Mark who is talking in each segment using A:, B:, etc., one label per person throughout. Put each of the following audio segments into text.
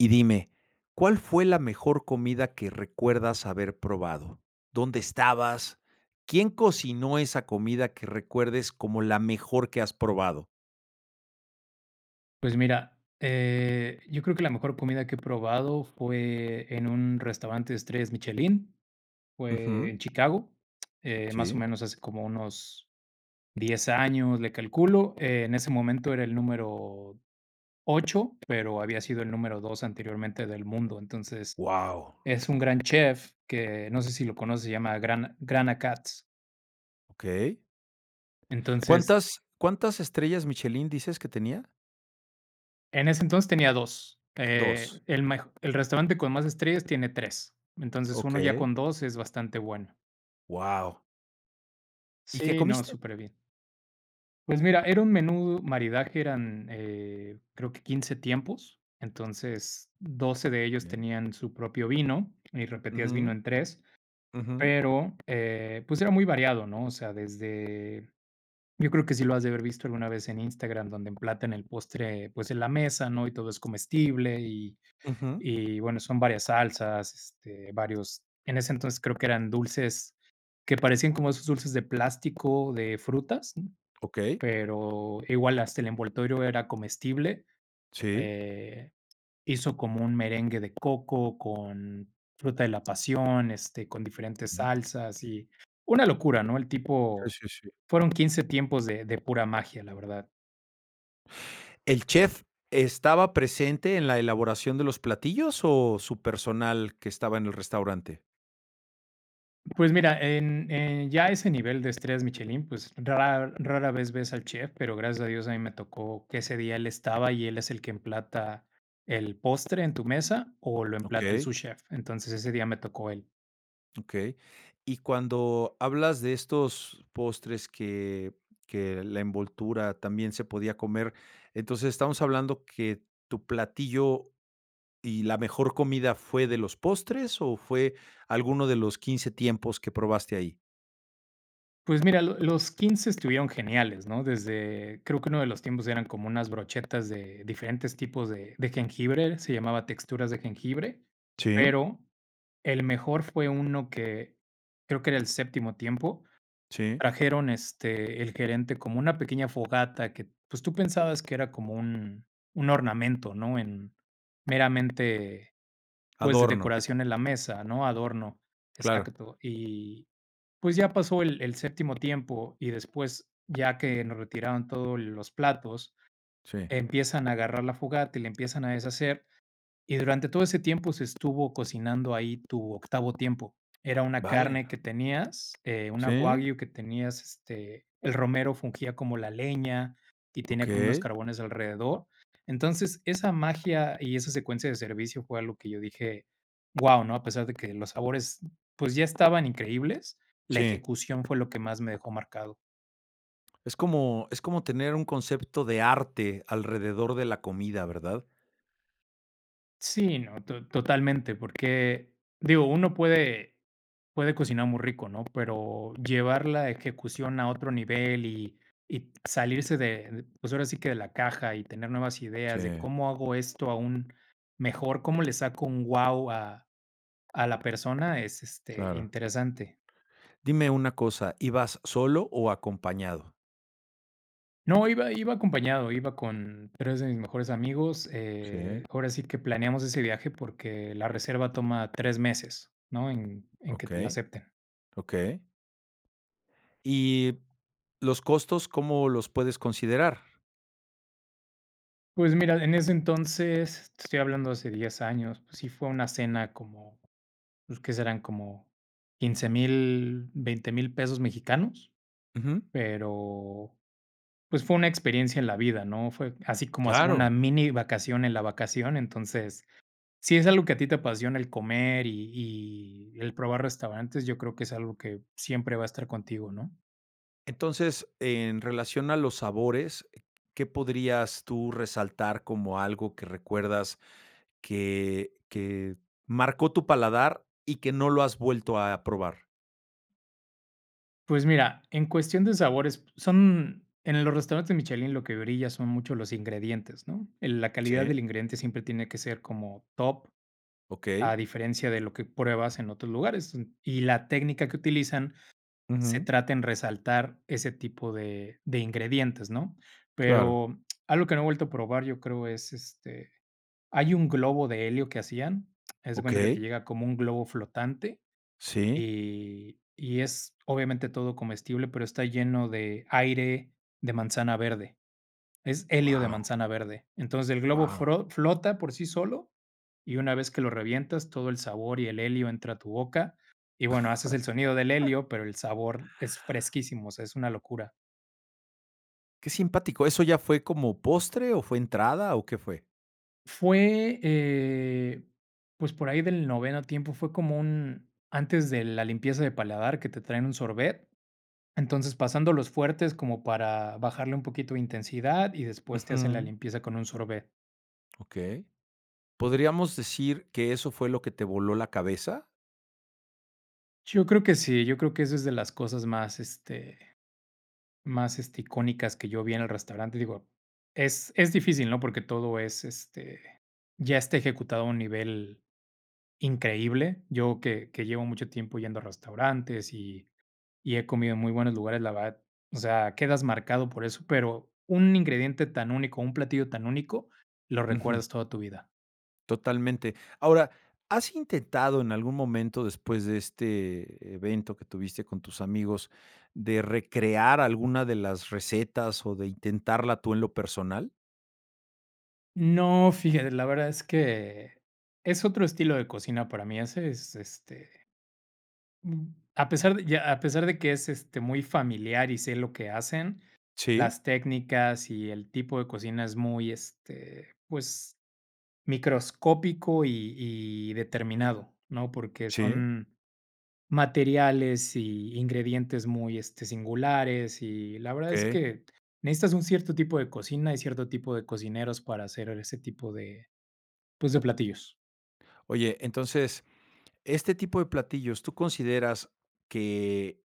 A: Y dime, ¿cuál fue la mejor comida que recuerdas haber probado? ¿Dónde estabas? ¿Quién cocinó esa comida que recuerdes como la mejor que has probado?
B: Pues mira, eh, yo creo que la mejor comida que he probado fue en un restaurante de estrellas Michelin, fue
A: Ujú.
B: en Chicago, eh, más o
A: Sí.
B: menos hace como unos 10 años, le calculo. Eh, en ese momento era el número 8 pero había sido el número 2 anteriormente del mundo, entonces,
A: Wao.
B: es un gran chef que no sé si lo conoces, se llama Grant Grant Achatz.
A: Okey.
B: Entonces
A: ¿Cuántas cuántas estrellas Michelin dices que tenía?
B: En ese entonces tenía 2,
A: 2
B: eh, el mejo el restaurante con más estrellas tiene 3 Entonces, 1 ya
A: Okey.
B: con 2 es bastante bueno.
A: Wao. ¿Y qué
B: Sí, no,
A: comiste?
B: súper bien. Pues mira, era un menú maridaje. Eran, eh, creo que 15 tiempos, entonces 12 de ellos
A: Okey.
B: tenían su propio vino y repetías vino
A: Ujú.
B: en 3
A: Ujú.
B: pero, eh, pues era muy variado, ¿no? O sea, desde Yo creo que si lo has de haber visto alguna vez en Instagram, donde emplatan el postre, pues en la mesa, ¿no?, y todo es comestible y
A: Ujú.
B: y bueno, son varias salsas, este, varios En ese entonces creo que eran dulces que parecían como esos dulces de plástico, de frutas, ¿mm?
A: Okey.
B: Pero igual hasta el envoltorio era comestible,
A: Sí.
B: eh, hizo como un merengue de coco con fruta de la pasión, este, con diferentes
A: Ujú.
B: salsas y una locura, ¿no?, el
A: Sí,
B: tipo
A: sí, sí.
B: Fueron 15 tiempos de de pura magia, la verdad.
A: ¿El chef estaba presente en la elaboración de los platillos o su personal que estaba en el restaurante?
B: Pues mira, en en ya a ese nivel de estrés, Michelin, pues, rara rara vez ves al chef, pero gracias a Dios a mí me tocó que ese día él estaba, y él es el que emplata el postre en tu mesa, o lo emplata el
A: Okey.
B: subchef. Entonces ese día me tocó él.
A: Okey. Y cuando hablas de estos postres que que la envoltura también se podía comer, entonces estamos hablando que tu platillo y la mejor comida,¿fue de los postres o fue alguno de los 15 tiempos que probaste ahí?
B: Pues mira, lo los 15 estuvieron geniales, ¿no? Desde, creo que uno de los tiempos eran como unas brochetas de diferentes tipos de de jengibre, se llamaba texturas de jengibre,
A: Sí.
B: pero el mejor fue uno que creo que era el séptimo tiempo.
A: Sí.
B: Trajeron, este, el gerente como una pequeña fogata que, pues, tú pensabas que era como un un ornamento, ¿no? En meramente, pues,
A: Adorno.
B: decoración en la mesa, ¿no? Adorno.
A: Claro.
B: Exacto. Y, pues, ya pasó el el séptimo tiempo y después, ya que nos retiraron todos los platos,
A: Sí.
B: empiezan a agarrar la fogata y la empiezan a deshacer. Y durante todo ese tiempo se estuvo cocinando ahí tu octavo tiempo. Era una
A: Vale
B: carne
A: la
B: que tenías, eh, una
A: Sí.
B: Wagyu que tenías, este, el romero fungía como la leña y tenía como unos
A: Okey.
B: carbones alrededor. Entonces, esa magia y esa secuencia de servicio fue algo que yo dije: “Guau”, ¿no? A pesar de que los sabores, pues, ya estaban increíbles, la
A: Sí.
B: ejecución fue lo que más me dejó marcado.
A: Es como es como tener un concepto de arte alrededor de la comida, ¿verdad?
B: Sí, no, to totalmente, porque, digo, uno puede puede cocinar muy rico, ¿no? Pero llevar la ejecución a otro nivel, y y salirse de, pues, ahora sí que de la caja y tener nuevas ideas de:
A: Sí.
B: ¿Cómo hago esto aún mejor?, ¿cómo le saco un guau a a la persona? Es, este,
A: Claro.
B: interesante.
A: Dime una cosa, ¿ibas solo o acompañado?
B: No, iba iba acompañado, iba con 3 de mis mejores amigos,
A: Sí.
B: eh, ahora sí que planeamos ese viaje porque la reserva toma 3 meses, ¿no?, en en que te la
A: Okey.
B: acepten.
A: Okey. ¿Y los costos, cómo los puedes considerar?
B: Pues mira, en ese entonces, te estoy hablando hace 10 años, pues, sí fue una cena como, pues, ¿qué serán? Como $15,000, $20,000 pesos mexicanos,
A: Ujú.
B: pero, pues, fue una experiencia en la vida, ¿no? Fue así como hacer una
A: Claro.
B: minivacación en la vacación. Entonces, si es algo que a ti te apasiona, el comer, y y el probar restaurantes, yo creo que es algo que siempre va a estar contigo, ¿no?
A: Entonces, en relación a los sabores, ¿qué podrías tú resaltar como algo que recuerdas que que marcó tu paladar, y que no lo has vuelto a probar?
B: Pues mira, en cuestión de sabores son en los restaurantes Michelin lo que brilla son mucho los ingredientes, ¿no? En la calidad
A: Sí.
B: del ingrediente siempre tiene que ser como top, a
A: Okey.
B: diferencia de lo que pruebas en otros lugares, y la técnica que utilizan se
A: Ujú.
B: trata en resaltar ese tipo de de ingredientes, ¿no?,
A: Claro.
B: pero, algo que no he vuelto a probar, yo creo es, este, hay un globo de helio que hacían. Haz de cuenta que te
A: Okey.
B: llega como un globo flotante,
A: Sí.
B: y y es obviamente todo comestible, pero está lleno de aire de manzana verde. Es helio de
A: Guau.
B: manzana verde, entonces, el globo
A: Guau.
B: fro flota por sí solo, y una vez que lo revientas, todo el sabor y el helio entra a tu boca. Y bueno, haces el sonido del helio, pero el sabor es fresquísimo, o sea, es una locura.
A: Qué simpático, ¿eso ya fue como postre o fue entrada o qué fue?
B: Fue, eh, pues, por ahí del noveno tiempo, fue como un antes de la limpieza de paladar, que te traen un sorbet. Entonces, pasando los fuertes como para bajarle un poquito de intensidad y después te hace la
A: Ujú.
B: limpieza con un sorbet.
A: Okey, ¿podríamos decir que eso fue lo que te voló la cabeza?
B: Yo creo que sí, yo creo que esa es de las cosas más, este más, este, icónicas que yo vi en el restaurante. Digo, es es difícil, ¿no?, porque todo es, este, ya está ejecutado a un nivel increíble. Yo que que llevo mucho tiempo yendo a restaurantes y y he comido en muy buenos lugares, la verdad, o sea, quedas marcado por eso, pero un ingrediente tan único, un platillo tan único, lo
A: Ujú.
B: recuerdas toda tu vida.
A: Totalmente. Ahora, ¿has intentado en algún momento después de este evento que tuviste con tus amigos, de recrear alguna de las recetas o de intentarla tú en lo personal?
B: No, fíjate, la verdad es que es otro estilo de cocina para mí, ese es, este, mm, a pesar de ya, a pesar de que es, este, muy familiar y sé lo que hacen,
A: Sí.
B: las técnicas y el tipo de cocina es muy este, pues microscópico y y determinado, ¿no?, porque
A: Sí.
B: son materiales y ingredientes muy, este, singulares, y la verdad es
A: Okey.
B: que, necesitas un cierto tipo de cocina y cierto tipo de cocineros, para hacer ese tipo de pues, de platillos.
A: Oye, entonces, este tipo de platillos, ¿tú consideras que,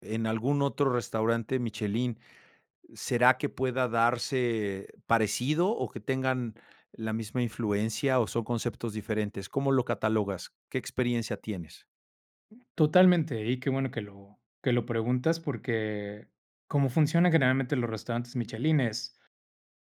A: en algún otro restaurante Michelin será que pueda darse parecido o que tengan la misma influencia o son conceptos diferentes? ¿Cómo lo catalogas? ¿Qué experiencia tienes?
B: Totalmente, y qué bueno que lo que lo preguntas porque, como funcionan generalmente los restaurantes Michelin es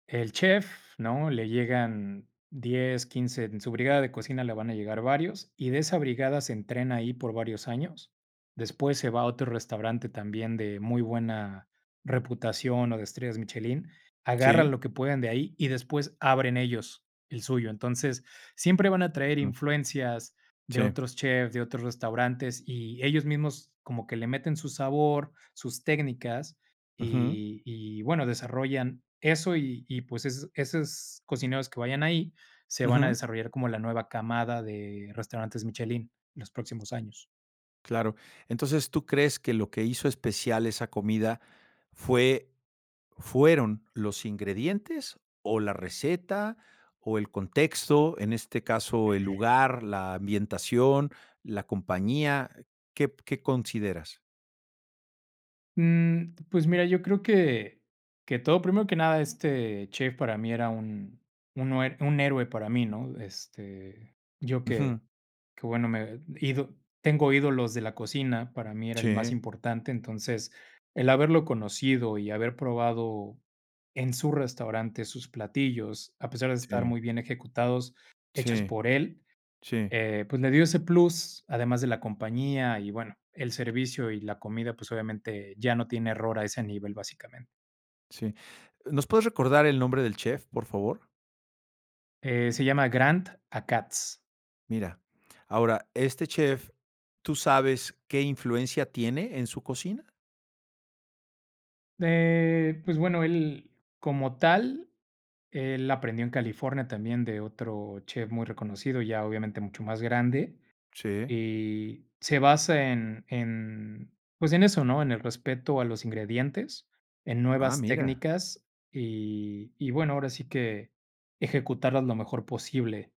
B: el chef, ¿no?, le llegan 10, 15, en su brigada de cocina le van a llegar varios y de esa brigada se entrena ahí por varios años. Después se va a otro restaurante también de muy buena reputación o de estrellas Michelin, agarran
A: Sí.
B: lo que puedan de ahí y después abren ellos el suyo. Entonces, siempre van a traer
A: Ujú.
B: influencias de
A: Sí.
B: otros chefs, de otros restaurantes y ellos mismos como que le meten su sabor, sus técnicas
A: Ujú.
B: y y bueno, desarrollan eso, y y pues, esos esos cocineros que vayan ahí, se van a
A: Ujú.
B: desarrollar como la nueva camada de restaurantes Michelin en los próximos años.
A: Claro. Entonces, ¿tú crees que lo que hizo especial esa comida fue fueron los ingredientes o la receta, o el contexto, en este caso el lugar, la ambientación, la compañía? ¿Qué qué consideras?
B: Mm, pues, mira, yo creo que que todo Primero que nada, este chef para mí era un uno eh un héroe para mí, ¿no? Este, yo
A: Ujú.
B: que que bueno, me he ido tengo ídolos de la cocina, para mí era el más
A: Sí.
B: importante. Entonces, el haberlo conocido y haber probado en su restaurante sus platillos, a pesar de estar
A: Sí.
B: muy bien ejecutados, hechos
A: Sí.
B: por él,
A: Sí.
B: eh, pues le dio ese plus, además de la compañía y bueno, el servicio y la comida, pues obviamente ya no tiene error a ese nivel, básicamente.
A: Sí, ¿nos puedes recordar el nombre del chef, por favor?
B: Eh, se llama Grant Achatz.
A: Mira, ahora, este chef, ¿tú sabes qué influencia tiene en su cocina?
B: Eh, pues bueno, él como tal, él aprendió en California también de otro chef muy reconocido, ya obviamente mucho más grande.
A: Sí.
B: Y se basa en en, pues, en eso, ¿no?, en el respeto a los ingredientes, en
A: Ah,
B: nuevas
A: mira.
B: técnicas, y y, bueno, ahora sí que ejecutarlas lo mejor posible.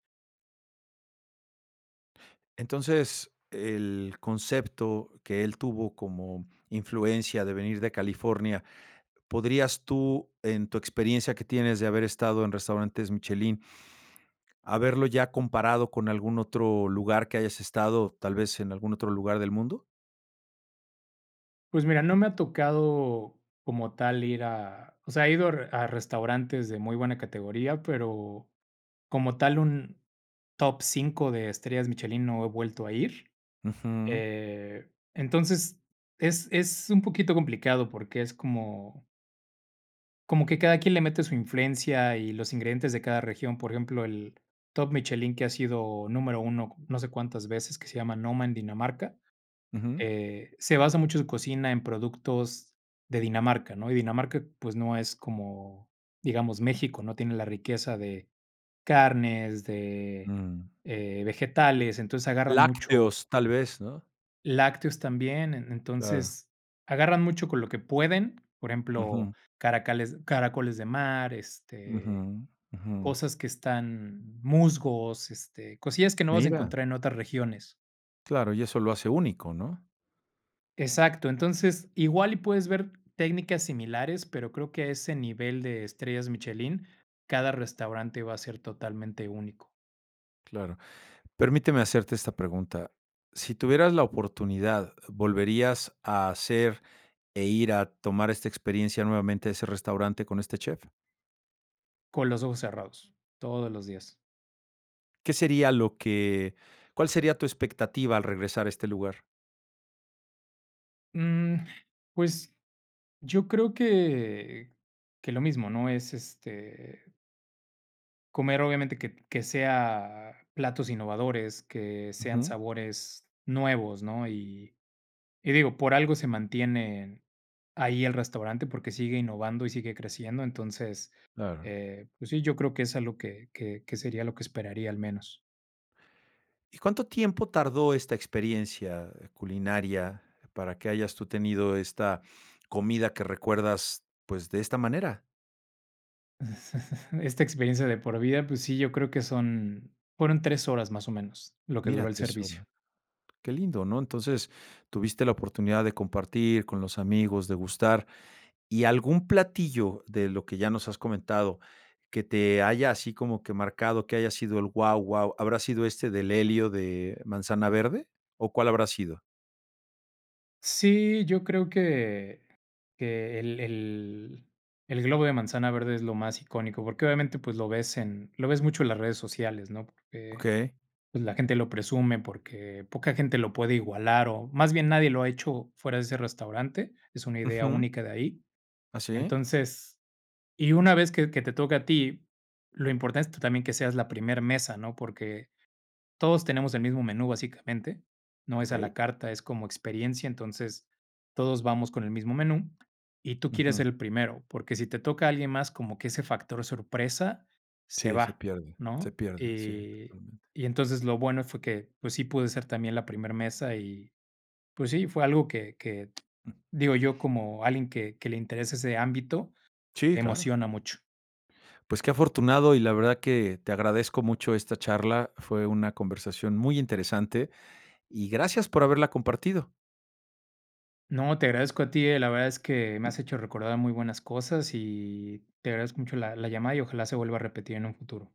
A: Entonces, e el concepto que él tuvo como influencia de venir de California, ¿podrías tú, en tu experiencia que tienes de haber estado en restaurantes Michelin, haberlo ya comparado con algún otro lugar que hayas estado, tal vez en algún otro lugar del mundo?
B: Pues, mira, no me ha tocado como tal ir a o sea, he ido a a restaurantes de muy buena categoría, pero como tal, un top 5 de estrellas Michelin no he vuelto a ir.
A: Ujú.
B: Eh, entonces, es es un poquito complicado porque es como como que cada quien le mete su influencia y los ingredientes de cada región. Por ejemplo, el top Michelin que ha sido número 1, no sé cuántas veces, que se llama Noma en Dinamarca.
A: Ujú.
B: Eh, se basa mucho su cocina, en productos de Dinamarca, ¿no? Y Dinamarca, pues, no es como, digamos, México, no tiene la riqueza de carnes, de,
A: Mm.
B: eh, vegetales. Entonces, agarran mucho
A: Lácteos tal vez, ¿no?
B: lácteos también. En
A: Claro.
B: entonces, agarran mucho con lo que pueden, por ejemplo,
A: Ujú.
B: caracoles- caracoles de mar, este,
A: Ujú, ujú.
B: cosas que están musgos, este, cosillas que no vas a
A: Mira.
B: encontrar en otras regiones.
A: Claro, y eso lo hace único, ¿no?
B: Exacto, entonces, igual y puedes ver técnicas similares, pero creo que a ese nivel de estrellas Michelin, cada restaurante va a ser totalmente único.
A: Claro. Permíteme hacerte esta pregunta. Si tuvieras la oportunidad, ¿volverías a hacer e ir a tomar esta experiencia nuevamente, a ese restaurante con este chef?
B: Con los ojos cerrados todos los días.
A: ¿Qué sería lo que cuál sería tu expectativa al regresar a este lugar?
B: Mm, pues yo creo que que lo mismo, ¿no? Es, este comer, obviamente, que que sea platos innovadores, que sean
A: Ujú.
B: sabores nuevos, ¿no? Y y digo, por algo se mantienen ahí el restaurante, porque sigue innovando y sigue creciendo. Entonces,
A: Claro.
B: eh, pues sí, yo creo que es a lo que que que sería lo que esperaría al menos.
A: ¿Y cuánto tiempo tardó esta experiencia culinaria para que hayas tú tenido esta comida que recuerdas, pues, de esta manera?
B: Esta experiencia de por vida, pues sí, yo creo que son, fueron 3 horas, más o menos, lo que duró
A: Mira,
B: el
A: 3
B: servicio.
A: horas. Qué lindo, ¿no? entonces, tuviste la oportunidad de compartir con los amigos, degustar, y algún platillo de lo que ya nos has comentado que te haya así como que marcado, que haya sido el guau guau, ¿habrá sido este del helio de manzana verde? ¿O cuál habrá sido?
B: Sí, yo creo que que el el el globo de manzana verde es lo más icónico, porque obviamente, pues lo ves en lo ves mucho en las redes sociales, ¿no? Porque,
A: Okey.
B: pues la gente lo presume, porque poca gente lo puede igualar o más bien nadie lo ha hecho fuera de ese restaurante, es una idea
A: Ujú.
B: única de ahí.
A: Ah, ¿sí?
B: Entonces, y una vez que que te toque a ti, lo importante es también que seas la primer mesa, ¿no? Porque todos tenemos el mismo menú básicamente, no es a la
A: Okey.
B: carta, es como experiencia entonces, todos vamos con el mismo menú y tú quieres
A: Ujú.
B: ser el primero, porque sí te toca alguien más como que ese factor sorpresa se
A: Sí, se
B: va,
A: pierde, se
B: ¿no?
A: pierde, sí,
B: Y
A: totalmente.
B: y entonces lo bueno fue que, pues sí pude ser también la primer mesa y, pues sí, fue algo que que digo yo, como alguien que que le interesa ese ámbito,
A: Sí, claro.
B: emociona mucho.
A: Pues qué afortunado y la verdad que te agradezco mucho esta charla, fue una conversación muy interesante y gracias por haberla compartido.
B: No, te agradezco a ti, eh, la verdad es que me has hecho recordar muy buenas cosas, y te agradezco mucho la la llamada y ojalá se vuelva a repetir en un futuro.